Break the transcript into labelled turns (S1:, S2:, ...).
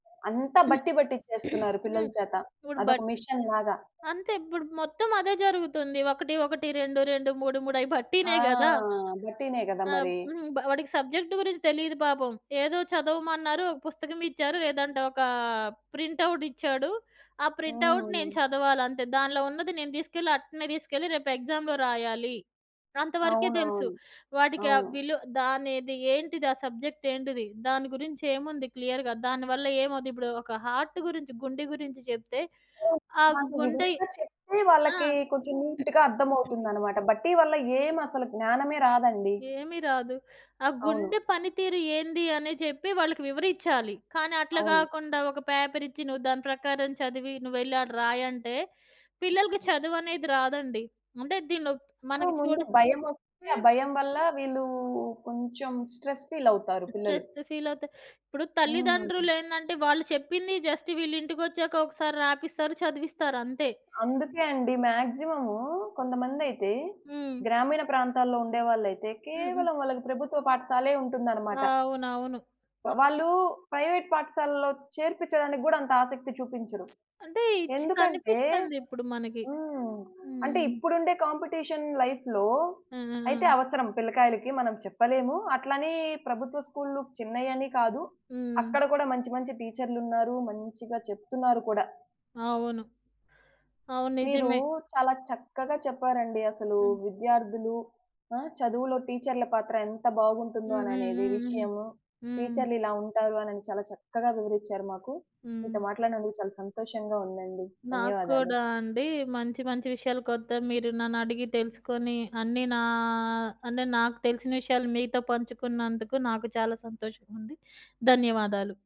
S1: అంత బట్టి పట్టిచేస్తున్నారు పిల్లల
S2: హ్మ్.
S1: చేత.
S2: ఇప్పుడు
S1: అదొక
S2: బట్
S1: మెషిన్ లాగా.
S2: అంతే ఇప్పుడు మొత్తం అదే జరుగుతుంది. 1, 1, 2, 2, 3, 3 అయి
S1: ఆ!
S2: బట్టినే గదా!
S1: బట్టినే గదా
S2: ఆహ్,
S1: మరి!
S2: హుహు. వాడికి సబ్జెక్ట్ గురించి తెలీదు పాపం. ఏదో చదవమన్నారు ఒక పుస్తకం ఇచ్చారు లేదంటే ఒక ప్రింట్ ఔట్ ఇచ్చాడు. ఆ ప్రింట్ ఔట్
S1: హ్మ్.
S2: నేను చదవాలంతే. దానిలో ఉన్నది నేను దీసుకెళ్ళి అట్నే దీసుకెళ్ళి, రేపు ఎక్సామ్‌లో రాయాలి. అంతవరకే తెలుసు.
S1: అవునవును.
S2: వాడికి ఆ
S1: అవును.
S2: విలువ దానెది ఏంటిది? ఆ సబ్జెక్ట్ ఏంటిది? దాని గురించి ఏముంది క్లియర్‌గా? దానివల్ల ఏమవుద్ది? ఇప్పుడు ఒక హార్ట్ గురించి గుండె గురించి జెప్తే
S1: హ్మ్,
S2: ఆ
S1: నాకు
S2: గుండె
S1: వివరంగా చెప్తే
S2: ఆ!
S1: వాళ్ళకి కొంచెం నీట్‌గా అర్థం అవుతుందన్నమాట. బట్టి వల్ల ఏం అసలు జ్ఞానమే రాదండి.
S2: ఏమి రాదు. ఆ
S1: అవును.
S2: గుండె పనితీరు ఏంది అని జెప్పి వాళ్ళకి వివరిచ్చాలి. కానీ, అట్లా
S1: అవును.
S2: గాకుండా ఒక పేపర్ ఇచ్చి, నువ్వు దాని ప్రకారం చదివి నువ్వెళ్ళి, ఆడ రాయంటే పిల్లలకి చదువనేది రాదండి. అంటే దీంట్లో
S1: హ్మ్.
S2: మనకి చూడ
S1: ముందు భయం ఒస్తుంది. ఆ
S2: హ్మ్.
S1: భయం వల్ల వీళ్ళు కొంచెం స్ట్రెస్ ఫీల్ అవుతారు పిల్లలు.
S2: స్ట్రెస్ ఫీల్ అవుతే ఇప్పుడు
S1: హ్మ్.
S2: తల్లిదండ్రులేందంటే, వాళ్ళు చెప్పింది జస్ట్ వీళ్లింటికొచ్చాక ఒకసారి రాపిస్తారు. చదివిస్తారంతే.
S1: అందుకే అండి. మాక్సిమం కొంతమందయితే
S2: హ్మ్.
S1: గ్రామీణ ప్రాంతాల్లో ఉండేవాళ్ళైతే
S2: హుహు.
S1: కేవలం వాళ్ళకి ప్రభుత్వ పాఠశాలే ఉంటుందన్నమాట.
S2: అవునవును. క
S1: వాళ్ళు ప్రైవేట్ పాఠశాలలో చేర్పించడానికి గూడా అంత ఆసక్తి చూపించరు.
S2: అంటే ఇచ్
S1: ఎందుకంటే
S2: కనిపిస్తందిప్పుడు మనకి.
S1: హ్మ్. అంటే
S2: హ్మ్.
S1: ఇప్పుడుండే కాంపిటీషన్ లైఫ్‌లో
S2: ఆ! ఆ!
S1: అయితే,
S2: ఆ!
S1: అవసరం పిల్లకాయలకి మనం చెప్పలేము. అట్లనే ప్రభుత్వ స్కూల్లు చిన్నయని కాదు.
S2: హ్మ్.
S1: అక్కడ గూడా మంచి మంచి టీచర్లున్నారు. మంచిగా చెప్తున్నారు కూడా.
S2: అవును. అవును.
S1: మీరు
S2: నిజమే.
S1: చాలా చక్కగా చెప్పారండి. అసలు
S2: హ్మ్.
S1: విద్యార్థులు ఆ! చదువులో టీచర్ల పాత్ర ఎంత బాగుంటుందో
S2: హ్మ్. హ్మ్.
S1: అననేది
S2: హ్మ్. హ్మ్.
S1: విషయము.
S2: హ్మ్.
S1: టీచర్లిలా ఉంటారు అనని చాలా చక్కగా వివరిచ్చారు మాకు. మీతో
S2: హ్మ్.
S1: మాట్లాడినందుకు చాలా సంతోషంగా ఉందండి.
S2: నాకు
S1: ధన్యవాదాలు.
S2: కూడా అండి. మంచి మంచి విషయాలు కొత్త మీరు నన్నడిగి తెలుసుకొని, అన్నీ నా అంటే నాకు తెలిసిన విషయాలు మీతో పంచుకున్నందుకు నాకు చాలా సంతోషంగుంది. ధన్యవాదాలు.